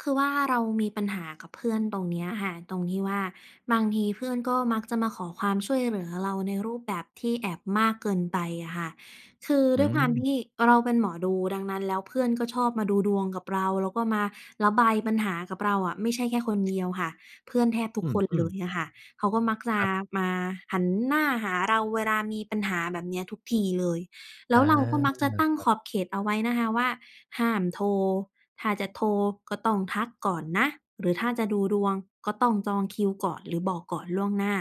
คือว่าเรามีปัญหากับเพื่อนตรงเนี้ยค่ะ ตรงที่ว่า บางทีเพื่อนก็มักจะมาขอความช่วยเหลือเราในรูปแบบที่แอบมากเกินไปอะค่ะ คืออืด้วยความม ที่เราเป็นหมอดู ดังนั้นแล้ว เพื่อนก็ชอบมาดูดวงกับเรา แล้วก็มาระบายปัญหากับเราอะ ไม่ใช่แค่คนเดียว ค่ะ เพื่อนแทบทุอกืคนเลอ ๆ ยอะค่ะ เขาก็มักจคะรับ มาหันหน้าหาเราเวลามีปัญหา แบบเนี้ยทุกทีเลย แลอ้า วเราก็มักจะตั้งครัขบ อบเขตเอาไว้นะคะว่า "ห้ามโทร ถ้าจะโทรก็ต้องทักก่อนนะ หรือถ้าจะดูดวงก็ต้องจองคิวก่อนหรือบอกก่อนล่วงหน้า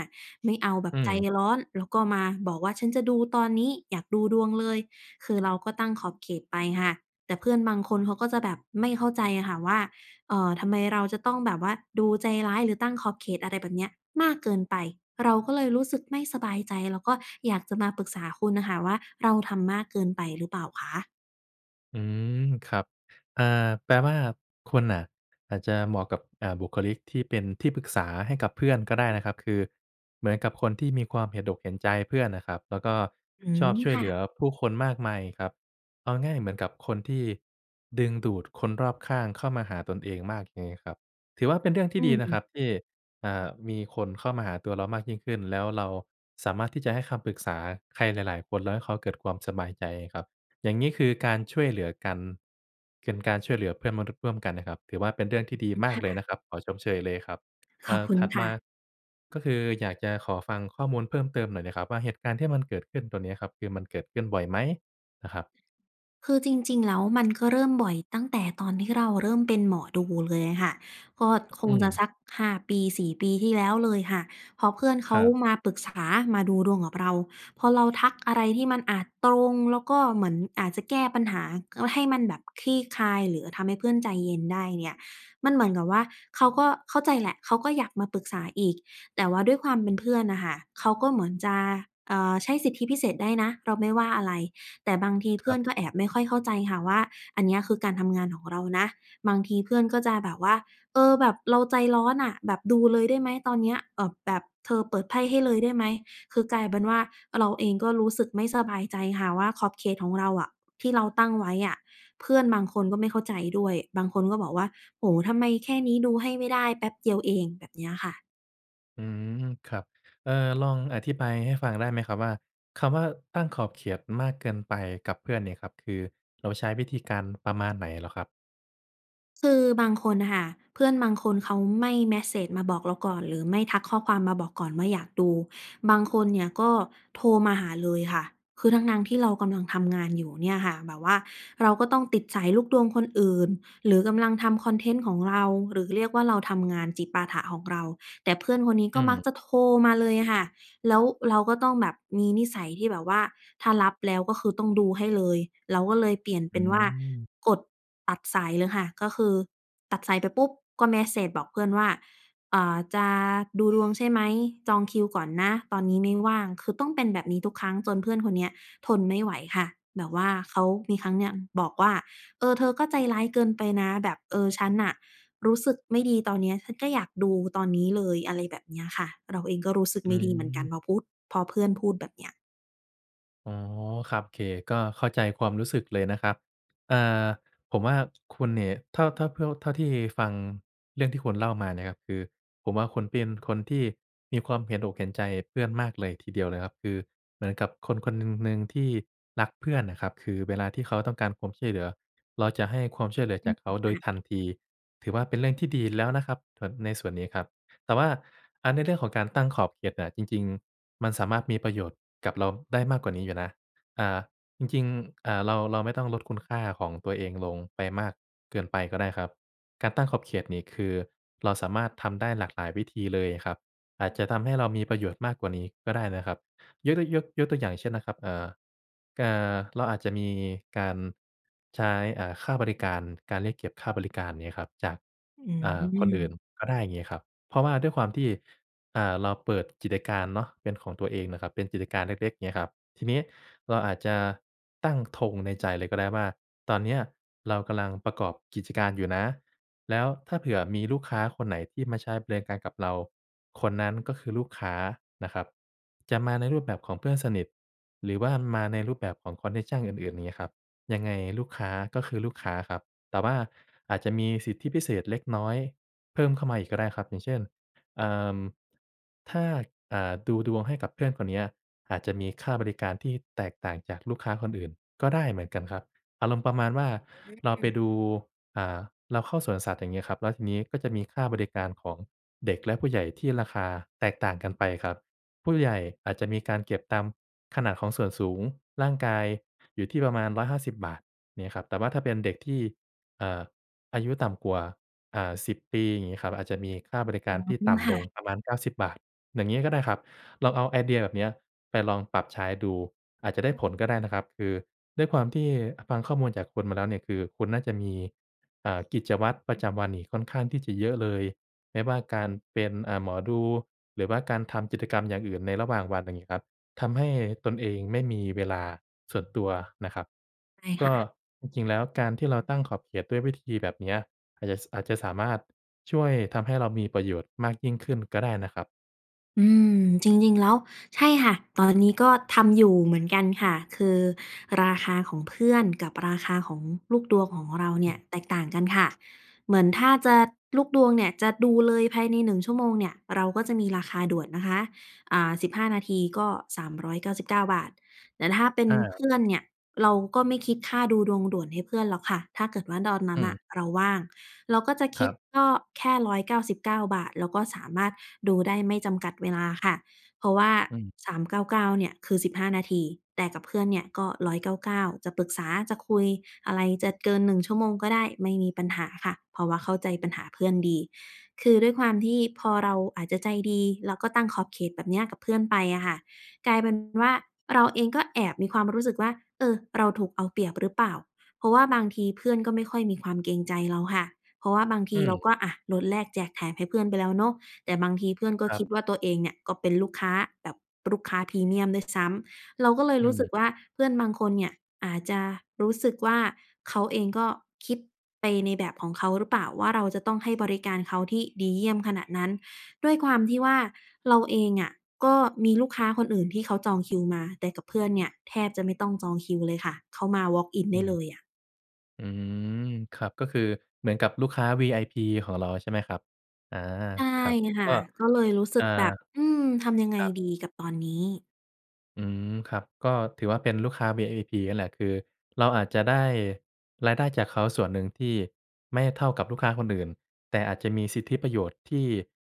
ไม่เอาแบอบืใจม ร้อน แล้วก็มาบอกว่า ฉันจะดูตอนนี้ อยากดูดวงเลย" คือเราก็ตั้งขอบเขตไปค่ะ แต่เพื่อนบางคนเขาก็จะแบบไม่เข้าใจอะค่ะว่า เอ่อ ทำไมเราจะต้องแบบว่า ดูใจร้ายหรือตั้งขอบเขต อะไรแบบเนี้ยมากเกินไป เราก็เลยรู้สึกไม่สบายใจ แล้วก็อยากจะมาปรึกษาคุณอะค่ะว่า เราทำมากเกินไปหรือเปล่าคะ? อืม ครับ อ่า แปลว่าคุณน่ะอาจจะเหมาะกับ อ่า บุคลิกที่เป็นที่ปรึกษาให้กับเพื่อนก็ได้นะครับ คือเหมือนกับคนที่มีความเห็นอกเห็นใจเพื่อนน่ะครับ แล้วก็อืชม อบช่วยค่เหลืะ อผู้คนมากมายครับ เอาง่ายเหมือนกับคนที่ดึงดูดคนรอบข้างเข้ามาหาตนเองมากเลยครับ ถือว่าเป็นเรื่องทีอ่ดีนะืคม รับที่ อ่า มีคนเข้ามาหาตัวเรามากยิ่งขึ้น แล้วเราสามารถที่จะให้คำปรึกษาใครหลาย ๆ คน แล้วให้เขาเกิดความสบายใจครับ อย่างงี้คือการช่วยเหลือกัน เป็น การช่วยเหลือเพื่อนมนุษย์ร่วมกันน่ะครับ ถือว่าเป็นเรื่องทอี่ดีืม มคาก่เลยะ นะครับ ขอชมเชยเลยครับ ขเออ่บอ คุณถัดคม่า ะ ก็คืออยากจะขอฟังข้อมูลเพิ่มเติมหน่อยน่ะครับว่า เหตุการณ์ที่มันเกิดขึ้น ตัวเนี้ยครับ คือมันเกิดขึ้นบ่อยไหม? น่ะครับ คือจริง ๆ แล้ว มันก็เริ่มบ่อย ตั้งแต่ตอนที่เราเริ่มเป็นหมอดูเลยอะค่ะ ก็คอืงจะสม ัก 5 ปี 4 ปีที่แล้วเลยค่ะ พอเพื่อนเขคารับ มาปรึกษา มาดูดวงกับเรา พอเราทักอะไรที่มันอาจตรงแล้วก็เหมือนอาจจะแก้ปัญหา ก็ ให้มันแบบคลี่คลายหรือทำให้เพื่อนใจเย็นได้เนี่ย มันเหมือนกับว่า เขาก็เข้าใจแหละ เขาก็อยากมาปรึกษาอีก แต่ว่าด้วยความเป็นเพื่อนน่ะค่ะ เขาก็เหมือนจะ เอ่อ ใช้สิทธิพิเศษได้นะ เราไม่ว่าอะไร แต่บางทีคเพืร่ัอบ นก็แอบไม่ค่อยเข้าใจค่ะว่า อันเนี้ยคือการทำงานของเรานะ บางทีเพื่อนก็จะแบบว่า "เออ แบบเราใจร้อนน่ะ แบบดูเลยได้ไหม ตอนเนี้ย?" เอ่อ แบบ "เธอเปิดไพ่ให้เลยได้ไหม?" คือกลายเป็นว่า เราเองก็รู้สึกไม่สบายใจค่ะว่า ขอบเขตของเราอะ ที่เราตั้งไว้อะ เพื่อนบางคนก็ไม่เข้าใจด้วย บางคนก็บอกว่า "โอ้โฮ ทำไมแค่นี้ดูให้ไม่ได้ แป๊บเดียวเอง" แบบเนี้ยค่ะ อืม ครับ เอ่อ ลองอธิบายให้ฟัง ได้ไหมครับ? ว่า คำว่าตั้งขอบเขตมากเกินไปกับเพื่อนเนี่ยครับ คือเราใช้ วิธีการประมาณไหนเหรอครับ? คือบางคนน่ะค่ะ เพื่อนบางคนเขาไม่เมสเซจมาบอกเราก่อน หรือไม่ทักข้อความมาบอก ก่อนว่า อยากดู บาง คนเนี่ยก็โทรมาหาเลยค่ะ คือทั้ง ๆ ที่เรากำลัง ทำงานอยู่เนี่ยค่ะ แบบว่าเราก็ต้องติดสายลูกดวงคนอื่น หรือกำลังทำคอนเทนต์ของเรา หรือเรียกว่า เราทำงานจิปาถะของเรา แต่เพื่อนคนนี้อกื็มักม จะโทรมาเลยอะ ค่ะ แล้วเราก็ต้องแบบมีนิสัยที่แบบว่า ถ้ารับแล้วก็คือ ต้องดูให้เลย เราก็เลยเปลี่ยนเอปื็นว่า ม กดตัดสายเลยค่ะ ก็คือตัดสายไปปุ๊บ ก็เมสเซจบอกเพื่อนว่า "เอ่อ จะดูดวงใช่ไหม? จองคิวก่อนนะ ตอนนี้ไม่ว่าง" คือต้องเป็นแบบนี้ทุกครั้ง จน เพื่อนคนเนี้ยทนไม่ไหวค่ะ แบบว่าเขามีครั้งเนี้ยบอกว่า "เออ เธอก็ใจร้าย เกินไปนะ แบบ เออ ฉันน่ะรู้สึกไม่ดี ตอนเนี้ย ฉันก็อยากดูตอนนี้เลย" อะไรแบบเนี้ยค่ะ เราเองก็รู้สึกอไืม่ดีเหมือนกัน ม พอพู้ด พอเพื่อนพูดแบบเนี้ย อ๋อ ครับ โอเค ก็เข้าใจความรู้สึกเลยนะครับ อ่า ผมว่า คุณนี่ เท่า เท่า เพิ่ว เท่าที่ฟังเรื่องที่คุณเล่ามาเนี่ยครับ คือผมว่าคุณเป็นคนที่มีความเห็นอกเห็นใจเพื่อนมากเลยทีเดียวเลยครับ คือเหมือนกับคนคนหนึ่ง หนึ่งที่รักเพื่อนน่ะครับ คือเวลาที่เขาต้องการความช่วยเหลือ เราจะให้ความช่วยเหลือ อจืาม กเขาโดค่ยะ ทันที ถือว่าเป็นเรื่องที่ดี แล้วนะครับ แบบในส่วนนี้ครับ แต่ว่า อา ในเรื่องของการตั้งขอบเขตน่ะ จริง ๆ มันสามารถมีประโยชน์กับเราได้มากกว่านี้อยู่นะ อ่า จริง ๆ อ่า เรา เราไม่ต้องลดคุณค่าของตัวเองลงไปมากเกินไปก็ได้ครับ การตั้งขอบเขตนี่คือเราสามารถทำได้หลาก หลายวิธีเลยครับ อาจจะทำให้เรามีประโยชน์มากกว่านี้ก็ได้นะครับ ยก ด ยก ยกตัวอย่างเช่นนะครับ เอ่อ เอ่อ เราอาจจะมีการใช้ อ่า ค่าบริการ การเรียกเก็บค่าบริการ อย่างเงี้ยครับ จาก อือ่า คนอื่นม ก็ได้ เงี้ยครับ เพราะว่าด้วยความที่ อ่า เราเปิดกิจการเนาะเป็นของตัวเองน่ะครับ เป็นกิจการเล็ก ๆ เงี้ยครับ ทีนี้ เราอาจจะตั้งธงในใจเลยก็ได้ว่า ตอนเนี้ยเรากำลังประกอบกิจการอยู่นะ แล้วถ้าเผื่อมีลูกค้าคนไหนที่มาใช้บริการกับเรา คนนั้นก็คือลูกค้านะครับ จะมาในรูปแบบของเพื่อนสนิท หรือว่ามาในรูปแบบของคอนเน็กชันอื่น ๆ อย่างเงี้ยครับ ยังไงลูกค้าก็คือลูกค้าครับ แต่ว่าอาจจะมีสิทธิพิเศษเล็กน้อยเพิ่มเข้ามาอีกก็ได้ครับ อย่างเช่น เอ่อ ถ้า อ่า ดูดวงให้กับเพื่อนคนเนี้ย อาจจะมีค่าบริการที่แตกต่างจากลูกค้าคนอื่นก็ได้เหมือนกันครับ อารมณ์ประมาณว่า อเราไปืม ดู อ่า เราเข้าสวนสัตว์ อย่างงี้ครับ แล้วทีนี้ก็จะมีค่าบริการของเด็กและผู้ใหญ่ที่ราคาแตกต่างกันไปครับ ผู้ใหญ่อาจจะมีการเก็บตามขนาดของส่วนสูงร่างกายอยู่ที่ประมาณ 150 บาท งี้ครับ แต่ว่าถ้าเป็นเด็กที่ เอ่อ อายุต่ำกว่า อ่า 10 ปี อย่างงี้ครับ อาจจะมีค่าบริอการที่ืตม ่คำล่ะ งประมาณ 90 บาท อย่างงี้ก็ได้ครับ ลองเอาไอเดียแบบเนี้ยไปลองปรับใช้ดู อาจจะได้ผลก็ได้นะครับ คือด้วยความที่ อะ ฟังข้อมูลจากคุณมาแล้วเนี่ย คือคุณน่าจะมี อ่า กิจวัตรประจำวันนี่ค่อนข้างที่จะเยอะเลย ไม่ว่าการเป็น อ่า หมอดู หรือว่าการทำกิจกรรมอย่างอื่นในระหว่างวัน อย่างงี้ครับ ทำให้ตนเองไม่มีเวลาส่วนตัวน่ะครับ ใช่กค็ ่ะ จริง ๆ แล้วการที่เราตั้งขอบเขตด้วยวิธีแบบเนี้ย อาจจะ ส อาจจะสามารถช่วยทำให้เรามีประโยชน์มากยิ่งขึ้นก็ได้นะครับ อืม จริง ๆ แล้ว ใช่ค่ะ ตอนนี้ก็ทำอยู่เหมือนกันค่ะ คือราคาของเพื่อน กับราคาของลูกดวงของเราเนอี่ืย ม แตกต่างกันค่ะ เหมือนถ้าจะ ลูกดวงเนี่ยจะดูเลยภายใน 1 ชั่วโมงเนี่ย เราก็จะมีราคาด่วนนะคะ อ่า 15 นาทีก็ 399 บาท แต่ถ้าเป็นอา เพื่อน เนี่ย เราก็ไม่คิดค่าดูดวงด่วนให้เพื่อนหรอกค่ะ ถ้าเกิดว่า ดอนนั้อืน นม ่ะเราว่าง เราก็จะคคิรดับ ก็แค่ 199 บาท แล้วก็สามารถดูได้ไม่จำกัดเวลาค่ะ เพราะว่า อืม 399 เนี่ยคือ 15 นาที แต่กับเพื่อนเนี่ยก็ 199 จะปรึกษา จะคุยอะไร จะเกิน 1 ชั่วโมงก็ได้ ไม่มีปัญหาค่ะ เพราะว่าเข้าใจปัญหาเพื่อนดี คือด้วยความที่พอเราอาจจะใจดี แล้วก็ตั้งขอบเขตแบบเนี้ยกับเพื่อนไปอะค่ะ กลายเป็นว่า เราเองก็แอบมีความรู้สึกว่า เออ เราถูกเอาเปรียบหรือเปล่า? เพราะว่าบางทีเพื่อนก็ไม่ค่อยมีความเกรงใจเราค่ะ เพราะว่าบางทอืีเราม ก็ อะ ลด แลก แจก แถมให้เพื่อนไปแล้วเนาะ แต่บางทีเพื่อนก็ครัคบ ิดว่า ตัวเองเนี่ยก็เป็นลูกค้าแบบลูกค้า พรีเมียมด้วยซ้ำ เราก็เลยอืรู้สึกม ว่า เพื่อนบางคนเนี่ยอาจจะรู้สึกว่า เขาเองก็คิดไปในแบบของเขาหรือเปล่าว่า เราจะต้องให้บริการเขาที่ดีเยี่ยมขนาดนั้น ด้วยความที่ว่า เราเองอะก็มีลูกค้าคนอื่นที่เขาจองคิวมา แต่กับเพื่อนเนี่ยแทบจะไม่ต้องจองคิวเลยค่ะ เข้ามาวอล์กอินอไืด้เม ลยอะ อืม ครับ ก็คือเหมือนกับลูกค้า VIP ของเรา ใช่ไหมครับ? อ๋อ ใช่ครับ ค่กะ ็ ก็เลยรู้สเึอ่อ กแบบ อืม ทำยังไงครับ ดีกับตอนนี้? อืม ครับ ก็ถือว่าเป็นลูกค้า VIP นั่นแหละ คือเราอาจจะได้รายได้จากเขาส่วนหนึ่งที่ไม่เท่ากับลูกค้าคนอื่น แต่อาจจะมีสิทธิประโยชน์ที่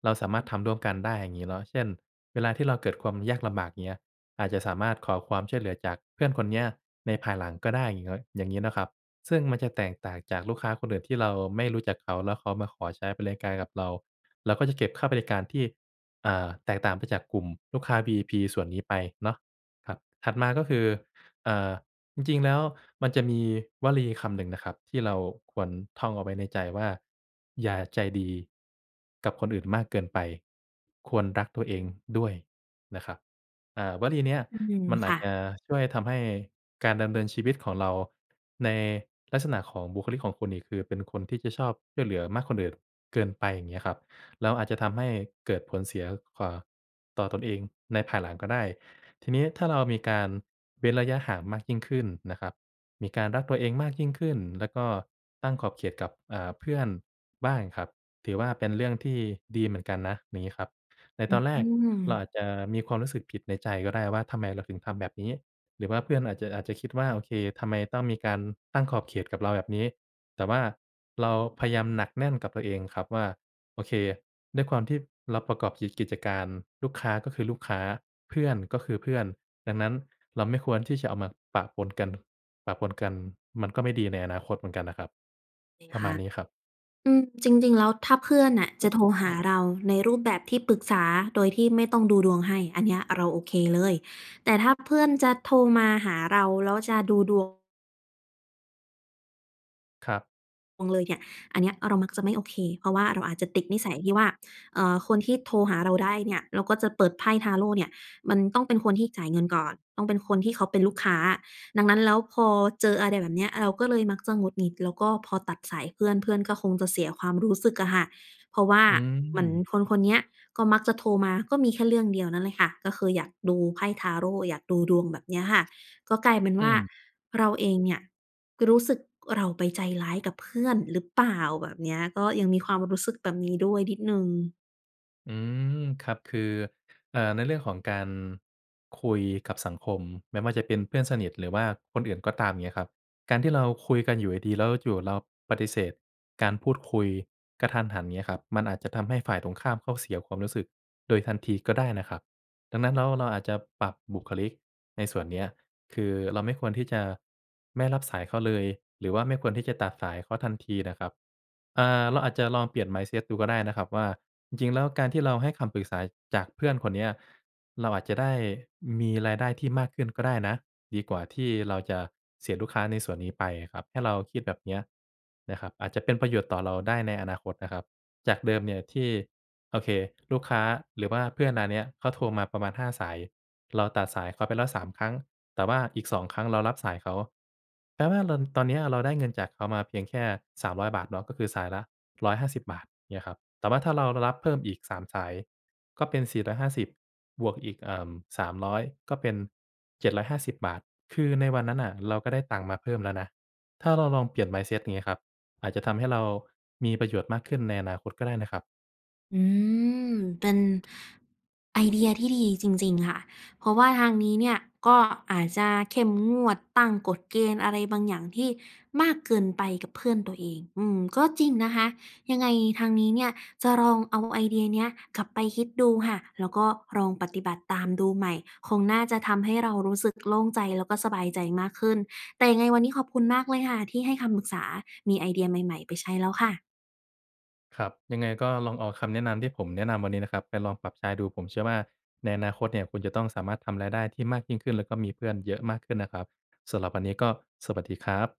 เราสามารถทำร่วมกันได้ อย่างงี้เนาะ เช่น เวลาที่เราเกิดความยากลำบาก เงี้ย อาจจะสามารถขอความช่วยเหลือจากเพื่อนคนเนี้ยในภายหลังก็ได้ อย่างเงิ่ด อย่างงี้เนาะครับ ซึ่งมันจะแตกต่างจากลูกค้าคนอื่นที่เราไม่รู้จักเขาแล้วเขามาขอใช้บริการกับเรา เราก็จะเก็บค่าบริการที่ อ่า แตกต่างไปจากกลุ่มลูกค้า VIP ส่วนนี้ไปเนาะ ครับ ถัดมาก็คือ เอ่อ จริง ๆ แล้วมันจะมีวลีคำหนึ่งนะครับที่เราควรท่องเอาไว้ในใจว่า "อย่าใจดี กับคนอื่นมากเกินไป ควรรักตัวอเอืงด้ม วยนะครับ" เอ่อ วลีเนี้ยอืม มันอคา่จะ จะช่วยทำให้การดำเนินชีวิตของเรา ในลักษณะของบุคลิกของคุณนี่คือเป็นคนที่จะชอบช่วยเหลือมาก คนอื่นเกินไป อย่างเงี้ยครับ แล้วอาจจะทำให้เกิดผลเสีย ก ก่อ ต่อตนเองในภายหลังก็ได้ ทีนี้ ถ้าเรามีการเว้นระยะห่างมากยิ่งขึ้นนะครับ มีการรักตัวเองมากยิ่งขึ้น แล้วก็ตั้งขอบเขตกับ อ่า เพื่อนบ้างครับ ถือว่าเป็นเรื่องที่ดีเหมือนกันนะ อย่างงี้ครับ ในอตือนแรกเราอม าจจะมีความรู้สึกผิดในใจก็ได้ว่า ทำไมเราถึงทำแบบนี้ หรือว่าเพื่อนอาจจะ อาจจะคิดว่า โอเค ทำไมต้องมีการตั้งขอบเขตกับเราแบบนี้ แต่ว่าเราพยายามหนักแน่นกับตัวเองครับว่า โอเค ด้วยความที่เราประกอบกิจ กิจการ ลูกค้าก็คือลูกค้า เพื่อนก็คือเพื่อน ดังนั้น เราไม่ควรที่จะเอามาปะปนกัน ปะปนกัน มันก็ไม่ดีในอนาคตเหมือนกันน่ะครับ เคปรคะม่าะ ณนี้ครับ อืม จริง ๆ แล้ว ถ้าเพื่อนน่ะจะโทรหาเราในรูปแบบที่ปรึกษาโดยที่ไม่ต้องดูดวงให้ อันเนี้ยเราโอเคเลย แต่ถ้าเพื่อนจะโทรมาหาเราแล้วจะดูดวง ครับ [unintelligible] เลยเนี่ย อันเนี้ยเรามักจะไม่โอเค เพราะว่าเราอาจจะติดนิสัยที่ว่า เอ่อ คนที่โทรหาเราได้เนี่ย แล้วก็จะเปิดไพ่ทาโรต์เนี่ย มันต้องเป็นคนที่จ่ายเงินก่อน ต้องเป็นคนที่เขาเป็นลูกค้า ดังนั้นแล้ว พอเจออะไรแบบเนี้ย เราก็เลยมัก จะหงุดหงิด แล้วก็พอตัดสายเพื่อน เพื่อนก็คงจะเสียความรู้สึกอะค่ะ เพราะว่าอืเหมือนม คนคนเนี้ย ก็มักจะโทรมา ก็มีแค่เรื่องเดียวนั่นแหละค่ะ ก็คืออยากดูไพ่ทาโรต์ อยากดูดวง แบบเนี้ยค่ะ ก็กลายเป็นอวื่า ม เราเองเนี่ยรู้สึกเราไปใจร้ายกับเพื่อนหรือเปล่า แบบเนี้ย ก็ยังมีความรู้สึกแบบนี้ด้วยนิดหนึ่ง อืม ครับ คือ เอ่อ ในเรื่องของการคุยกับสังคม ไม่ว่าจะเป็นเพื่อนสนิท หรือว่าคนอื่นก็ตาม เงี้ยครับ การที่เราคุยกันอยู่ดี ๆ แล้วอยู่ ๆ เราปฏิเสธการพูดคุยกะทันหัน เงี้ยครับ มันอาจจะทำให้ฝ่ายตรงข้ามเขาเสียความรู้สึกโดยทันทีก็ได้น่ะครับ ดังนั้นแล้ว เราอาจจะปรับบุคลิกในส่วนเนี้ย คือเราไม่ควรที่จะไม่รับสายเขาเลย หรือว่าไม่ควรที่จะตัดสายเขาทันทีน่ะครับ อ่า เราอาจจะลองเปลี่ยน mindset ดูก็ได้นะครับว่า จริง ๆ แล้วการที่เราให้คำปรึกษาจากเพื่อนคนเนี้ย เราอาจจะได้มีรายได้ที่มากขึ้นก็ได้นะ ดีกว่าที่เราจะเสียลูกค้าในส่วนนี้ไปอะครับ ให้เราคิดแบบเนี้ย นะครับ อาจจะเป็นประโยชน์ต่อเราได้ในอนาคตนะครับ จากเดิมเนี่ยที่ โอเค ลูกค้าหรือว่าเพื่อนนาเนี้ย เขาโทรมาประมาณ 5 สาย เราตัดสายเขาไปแล้ว 3 ครั้ง แต่ว่าอีก 2 ครั้งเรารับสายเขา แปลว่าลอน ตอนเนี้ยเราได้เงินจากเขามาเพียงแค่ 300 บาทเนาะ ก็คือสายละ 150 บาท เงี้ยครับ แต่ว่าถ้าเรา ร รับเพิ่มอีก 3 สายก็เป็น 450 บวกอีก เอ่อ 300 ก็เป็น 750 บาท คือในวันนั้นน่ะเราก็ได้ตังค์มาเพิ่มแล้วนะ ถ้าเราลองเปลี่ยน mindset อย่างเงี้ยครับ อาจจะทำให้เรามีประโยชน์มากขึ้นในอนาคตก็ได้นะครับ อืม เป็น ไอเดียที่ดีจริง ๆ ค่ะ เพราะว่าทางนี้เนี่ยก็อาจจะเข้มงวด ตั้งกฎเกณฑ์อะไรบางอย่างที่มากเกินไปกับเพื่อนตัวเอง อืม ก็จริงนะคะ ยังไงทางนี้เนี่ยจะลองเอาไอเดียเนี้ยกลับไปคิดดูค่ะ แล้วก็ลองปฏิบัติตามดูใหม่ คงน่าจะทำให้เรารู้สึก โล่งใจ แล้วก็สบายใจมากขึ้น แต่ยังไงวันนี้ขอบคุณมากเลยค่ะที่ให้คำปรึกษา มีไอเดียใหม่ ๆ ไปใช้แล้วค่ะ ครับ ยังไงก็ลองเอาคำแนะนำที่ผมแนะนำวันนี้นะครับ ไปลองปรับใช้ดู ผมเชื่อว่า ในอนาคตเนี่ยคุณจะต้องสามารถทำรายได้ที่มากยิ่งขึ้น แล้วก็มีเพื่อนเยอะมากขึ้นนะครับ สำหรับวันนี้ก็สวัสดีครับ